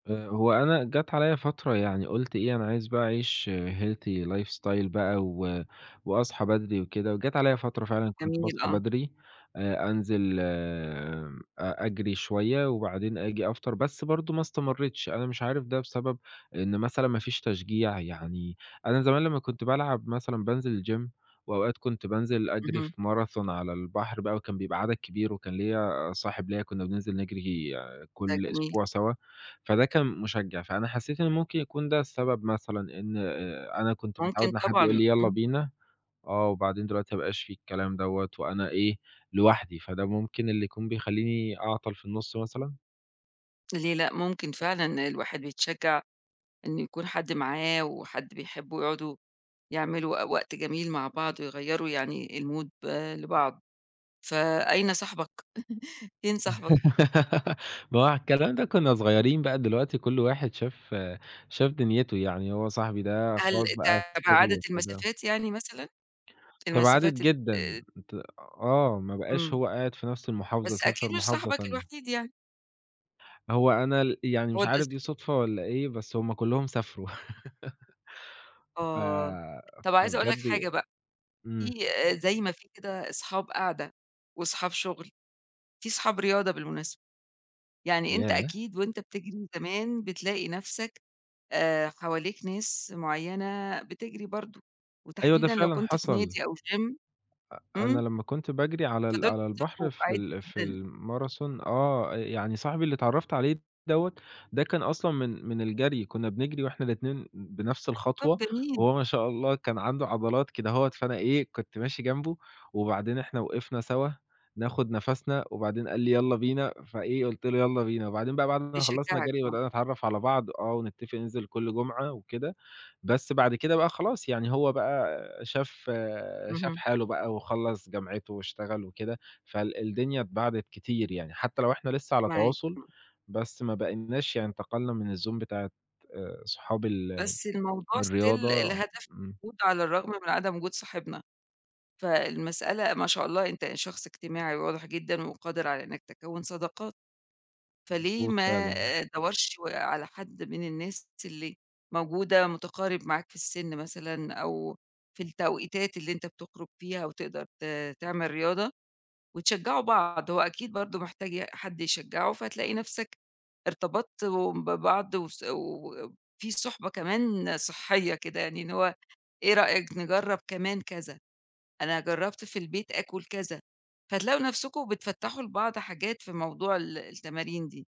آآ، هو أنا جات عليَّ فترة يعني قُلت إيه أنا عايز بقى أعيش Healthy life style بقى و وأصحى بدري وكده، وجات عليَّ فترة فعلًا كنت جميل، باصحى آه. بدري، آآ، أنزل أ أجري شوية، وبعدين آجي أفطر، بس برضه ما استمريتش أنا مش عارف ده بسبب إن مثلًا ما فيش تشجيع، يعني أنا زمان لما كنت بالعب مثلًا بانزل الGym وأوقات كنت بانزل أجري في اهم. Marathon على البحر بقى، وكان بيبقى عدد كبير، وكان ليّا صاحب ليّا كنا بننزل نجري ده كل جميل. أسبوع سوا، فده كان مُشجع، فأنا حسيت إنه ممكن يكون ده السبب مثلًا إن، آآ، أنا كنت متعود ممكن إن حد يقول طبعًا لي يالّا إمم. بينا آه، وبعدين دلوقتي ما بقاش في الكلام دوّة، وأنا إيه لوحدي، فده ممكن اللي يكون بيخليني أعطل في النص مثلًا؟ ليه لأ، ممكن فعلًا الواحد بيتشجع إنه يكون حد معاه، وحد بيحبه يقعدوا يعملوا وق وقت جميل مع بعض، ويغيَّروا يعني الMood لبعض، فأين صاحبك فين صاحبك؟ ما هو على الكلام ده كنّا صغيرين بقى دلوقتي كل واحد شاف شاف دنيته، يعني هو صاحبي ده هل خلاص بقى في شغله، تباعدت وكده. المسافات يعني مثلًا؟ تباعدت المسافات جدًا ات ت آه ما بقاش إمم. هو قاعد في نفس المحافظة، بس أكيد سافر مش محافظة صاحبك تانية. الوحيد يعني؟ هو أنا ال يعني هو مش عارف [unintelligible] دي صدفة، والّا إيه بس هُم كلهم سافروا ف آه طب عايزة أقول لك فبجد حاجة بقى، في إمم. زي ما في كده اصحاب قعدة، وصحاب شغل، في صحاب رياضة بالمناسبة، يعني أنت ياه! أكيد، وأنت بتجري زمان بتلاقي نفسك، آآ، حواليك ناس معينة بتجري برضه، أيوه، ده وتحديدًا لو فعلًا كنت في حصل. نادي، أو Gym أ أنا إمم. لمّا كنت باجري على ال فدول على يتصاحبوا البحر في عادي ال في جدًا. ال Marathon آه يعني صاحبي اللي اتعرّفت عليه دوّة ده كان أصلًا من من الجري كنا بنجري وإحنا الاتنين بنفس طب الخطوة، جميل. وهو ما شاء الله كان عنده عضلات كدهوَّة، فأنا إيه كنت ماشي جنبه، وبعدين إحنا وقفنا سوا ناخُد نفَسنا، وبعدين قال لي يالّا بينا، فإيه قُلت له يالّا بينا، وبعدين بقى بعد ما خلصنا بيشجعك جري، آه. بدأنا نتعرف على بعض، آه، ونتفق ننزل كل جمعة وكده، بس بعد كده بقى خلاص يعني هو بقى شاف شاف اهم. حاله بقى، وخلّص جامعته، واشتغل وكده، فال الدنيا اتباعدت كتير يعني، حتى لو إحنا لسه على معاك، تواصل، إمم. بس ما باقيناش يعني انتقلنا من الZone بتاعة، آآ، صحاب ال بس الموضوع Still الرياضة لهدف إمم. موجود على الرغم من عدم وجود صاحبنا، فالمسألة ما شاء الله أنت شخص اجتماعي واضح جدًا، وقادر على إنك تكوِّن صداقات، فليه مضبوط ما فعلًا. أدوَّرش على حد من الناس اللي موجودة، مُتقارب معاك في السن مثلًا، أو في التوقيتات اللي أنت بتخرُج فيها، وتقدر ت تعمل رياضة، وتشجعوا بعض، هو أكيد برضه محتاج ي حد يشجعه، فتلاقي نفسك ارتبطتم ببعض وس وفي صُحبة كمان صحية كده يعني إن هو، إيه رأيك نجرب كمان كذا أنا جربت في البيت آكُل كذا، فتلاقوا نفسكم بتفتَّحوا لبعض حاجات في موضوع ال التمارين دي.